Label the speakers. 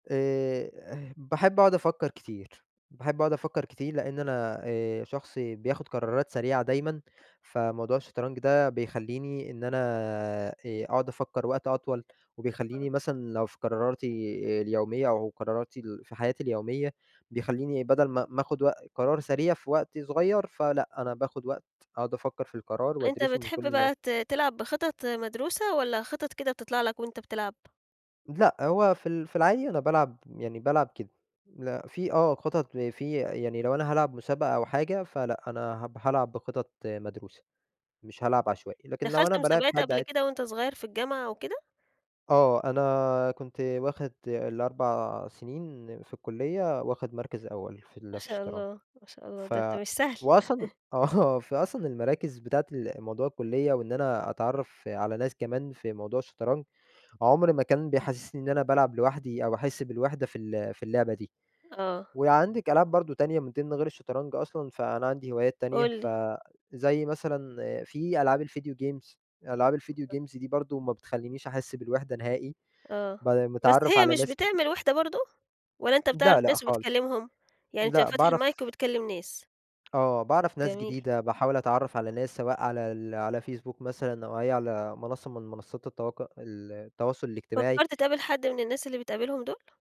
Speaker 1: آآ ه باحب اقعد افكّر كتير، باحب اقعد افكّر كتير لإن أنا آآ شخص بياخد قرارات سريعة دايمًا، فموضوع الشطرنج ده بيخلّيني إن أنا آآ أقعد افكّر وقت أطول،
Speaker 2: آه.
Speaker 1: وبيخلّيني مثلًا لو في قراراتي اليومية أو قراراتي ال في حياتي اليومية بيخلّيني بدل ما ما آخُد وق قرار سريع في وقت صغيّر، فلأ أنا باخُد وقت أقعد افكّر في القرار
Speaker 2: أنت
Speaker 1: وادرِسه من كل
Speaker 2: بتحب
Speaker 1: النوا
Speaker 2: بقى ت تلعب بخطط مدروسة، والّا خطط كده بتطلع لك وأنت بتلعب؟
Speaker 1: لأ هو في ال في العادي أنا بالعب يعني بالعب كده، لأ في آه خطط في يعني لو أنا هالعب مسابقة أو حاجة فلأ، أنا هب هالعب بخطط مدروسة، مش هالعب عشوائي، لكن لو أنا
Speaker 2: دخلت
Speaker 1: بالاعب
Speaker 2: مسابقات
Speaker 1: حد
Speaker 2: قبل
Speaker 1: عاد
Speaker 2: كده وأنت صغيّر في الجامعة أو كده؟
Speaker 1: آه أنا كنت واخد ال4 سنين في الكلية واخد مركز أول، في
Speaker 2: ما
Speaker 1: ال في
Speaker 2: شاء
Speaker 1: الشطرنج،
Speaker 2: الله، ما شاء الله،
Speaker 1: ف
Speaker 2: ده أنت مش سهل.
Speaker 1: وأصلًا آه، فأصلًا المراكز بتاعة ال موضوع الكلية وإن أنا أتعرّف على ناس كمان في موضوع الشطرنج، عُمر ما كان بيحسّسني إن أنا بالعب لوحدي أو احس بالوِحدة في ال في اللعبة دي،
Speaker 2: آه.
Speaker 1: وعندِك ألعاب برضه تانية من ضمن غير الشطرنج أصلًا، فأنا عندي هوايات تانية
Speaker 2: قُل
Speaker 1: ف
Speaker 2: لي.
Speaker 1: زي مثلًا في ألعاب الVideo games، ألعاب الVideo games دي برضه ما بتخلّينش أحس بالوِحدة نهائي،
Speaker 2: آه،
Speaker 1: ب
Speaker 2: بس
Speaker 1: مِتعرَّف
Speaker 2: هي
Speaker 1: على
Speaker 2: مش
Speaker 1: ناس
Speaker 2: بتعمل وِحدة برضه؟ والّا أنت بتعرف
Speaker 1: لأ، لأ
Speaker 2: ناس
Speaker 1: خالص،
Speaker 2: وبتكلّمهم؟ يعني أنت
Speaker 1: لأ
Speaker 2: فاتح المايك
Speaker 1: باعرف
Speaker 2: وبتكلّم ناس.
Speaker 1: آه باعرف ناس
Speaker 2: جميل.
Speaker 1: جديدة باحاول اتعرّف على ناس سواء على ال على فيسبوك مثلًا أو إيه، على منصّة من منصّات التواق التواصل الاجتماعي.
Speaker 2: فكّرت تقابل حد من الناس اللي بتقابلهم دُول؟